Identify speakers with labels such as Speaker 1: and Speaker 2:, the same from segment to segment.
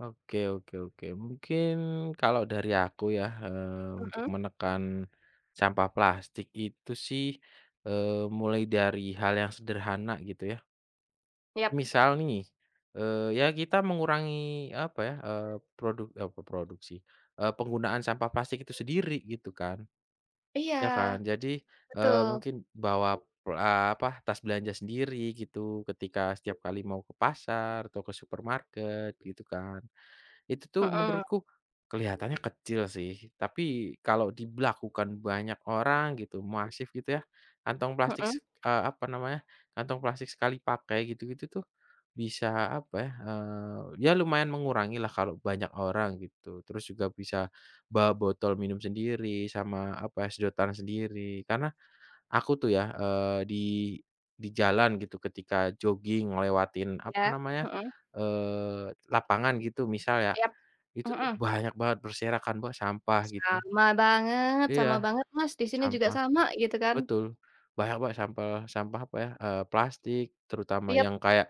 Speaker 1: Oke oke oke, mungkin kalau dari aku ya, eee, untuk
Speaker 2: Mhm.
Speaker 1: menekan, sampah plastik itu sih, eee, mulai dari hal yang sederhana gitu ya.
Speaker 2: Yap.
Speaker 1: Misal nih, eee, ya kita mengurangi apa ya, eee, produk oh, kok produk sih, eee, penggunaan sampah plastik itu sendiri gitu kan,
Speaker 2: Iya,
Speaker 1: ya kan jadi, eee,
Speaker 2: betul.
Speaker 1: mungkin bawa, eee, apa tas belanja sendiri gitu ketika setiap kali mau ke pasar atau ke supermarket gitu kan. Itu tuh
Speaker 2: Mhm.
Speaker 1: menurutku, kelihatannya kecil sih tapi kalau diberlakukan banyak orang gitu masif gitu ya, kantong plastik
Speaker 2: Mhm.
Speaker 1: s eee, apa namanya, kantong plastik sekali pakai gitu-gitu tuh, bisa apa ya, eee, ya lumayan mengurangilah kalau banyak orang gitu terus juga bisa, bawa botol minum sendiri sama apa sedotan sendiri karena, aku tuh ya, eee, di di jalan gitu ketika joging lewatin apa
Speaker 2: Ya,
Speaker 1: namanya,
Speaker 2: mhm.
Speaker 1: eee, lapangan gitu misal ya,
Speaker 2: Yap,
Speaker 1: itu tuh
Speaker 2: mhm.
Speaker 1: banyak banget berserakan Mbak sampah gitu.
Speaker 2: Sama banget
Speaker 1: Iya,
Speaker 2: sama banget Mas di sini juga
Speaker 1: sampah,
Speaker 2: sama gitu kan.
Speaker 1: betul, banyak Mbak sampah sampah apa ya, eee, plastik terutama
Speaker 2: Iya.
Speaker 1: yang kayak,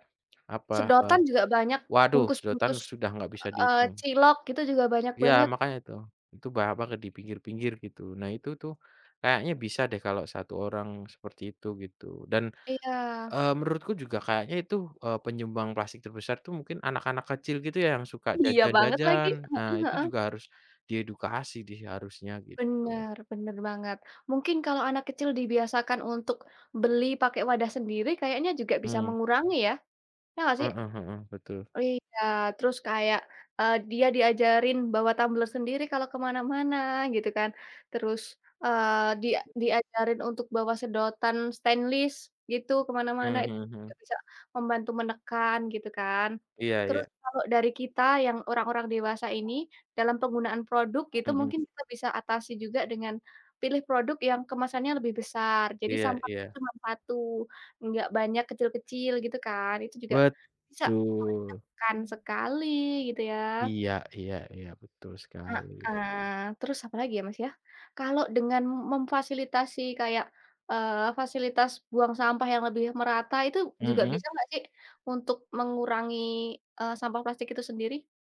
Speaker 1: apa, e
Speaker 2: Sedotan juga banyak,
Speaker 1: waduh, sedotan
Speaker 2: bungkus-bungkus,
Speaker 1: sudah nggak bisa
Speaker 2: eee,
Speaker 1: dihitung.
Speaker 2: cilok gitu juga banyak
Speaker 1: Iya,
Speaker 2: banget.
Speaker 1: makanya itu, itu banyak banget di pinggir-pinggir gitu. Nah itu tuh, kayaknya bisa deh kalau 1 orang seperti itu gitu dan,
Speaker 2: Iya.
Speaker 1: eee, menurutku juga kayaknya itu, eee, penyumbang plastik terbesar tuh mungkin anak-anak kecil gitu ya yang suka
Speaker 2: Iya banget lagi,
Speaker 1: jajan-jajan. Nah,
Speaker 2: heeh
Speaker 1: itu
Speaker 2: heeh.
Speaker 1: juga harus, di edukasi di seharusnya gitu.
Speaker 2: Bener bener banget. Mungkin kalau anak kecil dibiasakan untuk, beli pakai wadah sendiri kayaknya juga bisa
Speaker 1: Mmm.
Speaker 2: mengurangi ya, iya nggak sih?
Speaker 1: Heeh heeh, betul.
Speaker 2: Iya, terus kayak, eee, dia diajarin bawa tumbler sendiri kalau ke mana-mana gitu kan, terus, eee, dia diajarin untuk bawa sedotan stainless gitu ke mana-mana
Speaker 1: Mmm,
Speaker 2: itu
Speaker 1: mhm
Speaker 2: juga
Speaker 1: mhm.
Speaker 2: bisa membantu menekan gitu kan.
Speaker 1: Iya iya.
Speaker 2: Terus kalau dari kita yang orang-orang dewasa ini dalam penggunaan produk itu
Speaker 1: Mhm.
Speaker 2: mungkin kita bisa atasi juga dengan, pilih produk yang kemasannya lebih besar jadi
Speaker 1: Iya
Speaker 2: sampahnya
Speaker 1: iya.
Speaker 2: cuma 1 nggak banyak kecil-kecil gitu kan itu juga, bisa
Speaker 1: Betul.
Speaker 2: menekan sekali gitu ya.
Speaker 1: Iya iya iya, betul sekali.
Speaker 2: Heeh, terus apalagi ya Mas ya, kalau dengan memfasilitasi kayak, eee, fasilitas buang sampah yang lebih merata itu juga
Speaker 1: Mhm.
Speaker 2: bisa nggak sih, untuk mengurangi, eee, sampah plastik itu sendiri?